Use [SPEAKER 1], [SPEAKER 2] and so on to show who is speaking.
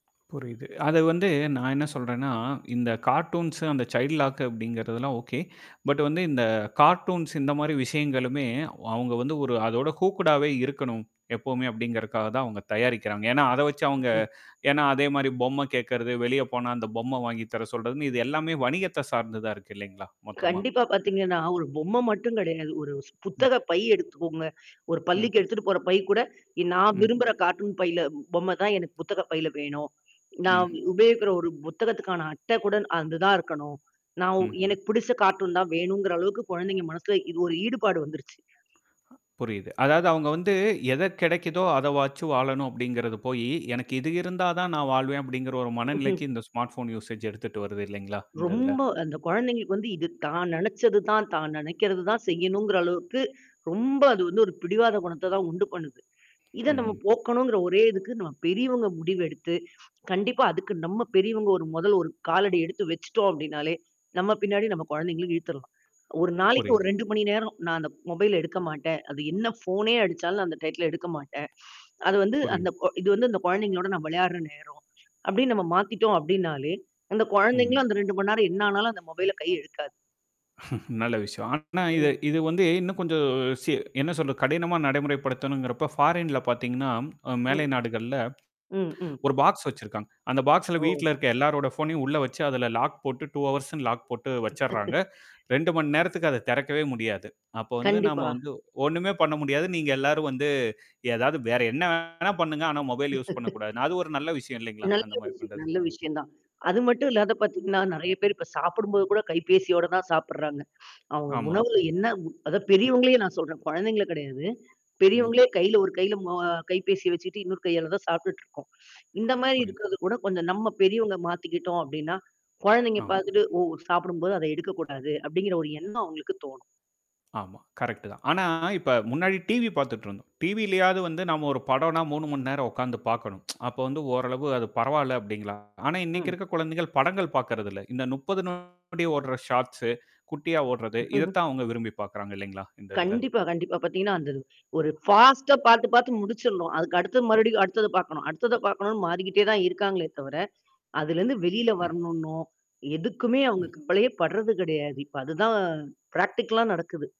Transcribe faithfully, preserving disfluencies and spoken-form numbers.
[SPEAKER 1] புரியுது. அது வந்து நான் என்னா சொல்றேன்னா, இந்த கார்ட்டூன்ஸ் அந்த சைல்ட் லாக் அப்படிங்கிறது எல்லாம் ஓகே. பட் வந்து இந்த கார்ட்டூன்ஸ் இந்த மாரி விஷயங்களுமே வ் அவுங்க வந்து ஒரு அதோட ஹூக்கட்டாவே இருக்கணும், எப்பவுமே! அப்படிங்கிறக்காக, தான் அவுங்க தயாரிக்கிறாங்க. ஏன்னா, அத வச்சு
[SPEAKER 2] ம்
[SPEAKER 1] அவுங்க
[SPEAKER 2] ம்.
[SPEAKER 1] ஏன்னா அதே மாரி பொம்மை கேக்கறது, வெளியே போனா, அந்த பொம்மை வாங்கி தர சொல்றதுன்னு, இது எல்லாமே வணிகத்த சார்ந்து தான் இருக்கு இல்லைங்களா! மொத்தமா.
[SPEAKER 2] கண்டிப்பா பாத்தீங்கன்னா, ஒரு பொம்மை மட்டும் கிடையாது. ஒரு ஸ்
[SPEAKER 1] ம்.
[SPEAKER 2] புத்தக பை எடுத்துக்கோங்க. ஒரு
[SPEAKER 1] ம்.
[SPEAKER 2] பள்ளிக்கு எடுத்துட்டு போற பை கூட, இ நான்
[SPEAKER 1] ம்
[SPEAKER 2] விரும்புகிற கார்ட்டூன் பையில பொம்மை தான் எனக்கு புத்தக பையில வேணும். நான்
[SPEAKER 1] ம்.
[SPEAKER 2] உபயோகிக்கிற ஒரு புத்தகத்துக்கான அட்டை கூட ந் அந்து தான் இருக்கணும். நான் ஒ
[SPEAKER 1] ம்.
[SPEAKER 2] எனக்கு பிடிச்ச கார்ட்டூன் தான் வேணும்ங்கிற அளவுக்கு கொழந்தைங்க மனசுல, இது ஒரு ஈடுபாடு வந்துருச்சு.
[SPEAKER 1] ஆ புரியுது. அதாவது அவுங்க வந்து எத கெடைக்குதோ அத வச்சு வாழணும், அப்படிங்கிறது போயி. "எனக்கு இது இருந்தா தான் நான் வாழ்வேன்." அப்படிங்கிற ஒரு மனநிலைக்கு இந்த ஸ்மார்ட் போன் யூசேஜ் எடுத்துட்டு வருது இல்லைங்களா? இந்த இதில.
[SPEAKER 2] ரொம்ப அந்த குழந்தைங்களுக்கு வந்து இது தான் நெனைச்சது தான், தான் நெனைக்கிறது தான் செய்யனுங்குற அளவுக்கு, ரொம்ப அது வந்து, ஒரு பிடிவாத குணத்த தான் உண்டு பண்ணுது. இத நம்ம
[SPEAKER 1] ம்.
[SPEAKER 2] போக்கணுங்கிற ஒரே இதுக்கு, நம்ம பெரியவங்க முடிவு எடுத்து, கண்டிப்பா அதுக்கு நம்ம பெரியவங்க மொதல் ஒரு காலடி எடுத்து வச்சிட்டோம் அப்டின்னாலே, நம்ம பின்னாடி நம்ப குழந்தைகளும் இழுத்துறலாம். ஒரு நாளைக்கு ஒரு
[SPEAKER 1] புரியுது.
[SPEAKER 2] ரெண்டு மணி நேரம் நான் அந்த மொபைல்ல எடுக்க மாட்டேன். அது என்னா ஃபோனே அடிச்சாலும் நான் அந்த டையித்துல எடுக்க மாட்டேன். அது வந்து அந்த
[SPEAKER 1] புரியுது.
[SPEAKER 2] கொ இது வந்து அந்த கொழந்தைகளோட நான் விளையாடுற நேரம். அப்டின் நம்ம மாத்திட்டோம், அப்டின்னாலே! அந்த
[SPEAKER 1] ம்ஹ்ம்.
[SPEAKER 2] கொழந்தைகளும் அந்த ரெண்டு மண்நேரம் என்னனா ஆனாலும் அந்த மொபைல கை இழுக்காது.
[SPEAKER 1] நல்ல விஷயம். ஆனா,
[SPEAKER 2] ம்.
[SPEAKER 1] இது வந்து இன்னும் கொஞ்சம் சி என்ன சொல்றது? கடினமா நடைமுறைப்படுத்தனுங்கிறப்போ ஃபாரின்ல்ல பாத்தீங்கன்னா அ மேலை
[SPEAKER 2] ம்.
[SPEAKER 1] நாடுகள்ல
[SPEAKER 2] ம் ம்.
[SPEAKER 1] ஒரு பாக்ஸ் வச்சிருக்காங்க. அந்த பாக்ஸ்ல
[SPEAKER 2] ஓ!
[SPEAKER 1] வீட்டில இருக்க எல்லாருடைய ஃபோன்னையும் உள்ள வச்சு, அதில லாக் போட்டு டூ ஹார்ஸ்னு லாக் போட்டு வச்சிர்றாங்க. இரண்டு மணி நேரத்துக்கு அத தெறக்கவே முடியாது. அப்போ வந்து நம்ம
[SPEAKER 2] கண்டிப்பா!
[SPEAKER 1] வந்து ஒண்ணுமே பண்ண முடியாது. நீங்க எல்லாரும் வந்து ஏதாவது வேற என்னா வேணா பண்ணுங்க. ஆனா மொபைல் யூஸ் பண்ணக்கூடாது. அது ஒரு நல்ல விஷயம் இல்லைங்களா?
[SPEAKER 2] நல்ல
[SPEAKER 1] அந்த மாரி
[SPEAKER 2] விஷயம்
[SPEAKER 1] பண்றது!
[SPEAKER 2] நல்ல விஷயம் தான். அது மட்டும் இல்லாத பாத்தீங்கன்னா, நெறையா பேரு இப்போ சாப்பிடும் போது கூட கைபேசியோட தான் சாப்பிட்றாங்க. அவுங்க
[SPEAKER 1] ஆமா.
[SPEAKER 2] உணவில என்னா உ அதான் பெரியவங்களையே நான் சொல்றேன். கொழந்தைங்க கெடையாது.
[SPEAKER 1] ம்.
[SPEAKER 2] பெரியவங்களே கையில ஒரு கையில ம கைப்பேசிய வச்சிட்டு, இன்னொரு கையால தான் சாப்பிட்டுட்டு இருக்கோம். இந்த மாரி
[SPEAKER 1] புரியுது.
[SPEAKER 2] இருக்கிறது கூட, கொஞ்சம் நம்ம பெரியவங்க மாத்திக்கிட்டோம் அப்படின்னா, கொழந்தைங்க
[SPEAKER 1] ஆம்.
[SPEAKER 2] பாத்துட்டு "ஓ. சாப்பிடும் போது, அத எடுக்கக்கூடாது." அப்படிங்கிற ஒரு எண்ணம் அவுங்களுக்கு தோணும்.
[SPEAKER 1] ஆமா. கரெக்ட் தான். ஆனா, இப்போ முன்னாடி டிவி பாத்துட்டுருந்தோம். டிவிலயாவது வந்து, நாம ஒரு படம்னா மூணு மண்நேரம் உக்காந்து பாக்கணும். அப்போ வந்து, ஓரளவு அது பரவால்ல அப்டிங்கலாம் ஆனா, இன்னைக்கு
[SPEAKER 2] ம்.
[SPEAKER 1] இருக்க குழந்தைகள் படங்கள் பாக்கிறதில்ல. இந்த முப்பது நொடி ஓடுற ஷார்ட்ஸ்ஸு, குட்டியா ஓட்றது, இத தான் அவுங்க விரும்பி பாக்கிறாங்க இல்லைங்களா? இந்த இதில.
[SPEAKER 2] கண்டிப்பா கண்டிப்பா பாத்தீங்கன்னா, அந்த ஒரு ஃபாஸ்ட்டா, பாத்து, பாத்து முடிச்சில்னும். அதுக்கு அடுத்தது மறுபடியும் அடுத்தது பாக்கணும் அடுத்தத பாக்கணும்னு மாறிக்கிட்டே தான் இருக்காங்களே தவர, அதிலருந்து வெளியில
[SPEAKER 1] ம்
[SPEAKER 2] வரணுன்னோ, எதுக்குமே அவுங்க
[SPEAKER 1] ம்.
[SPEAKER 2] கவலையே பட்றது கிடையாது. இப்ப அது தான் பிராக்டிகல்லா நடக்குது.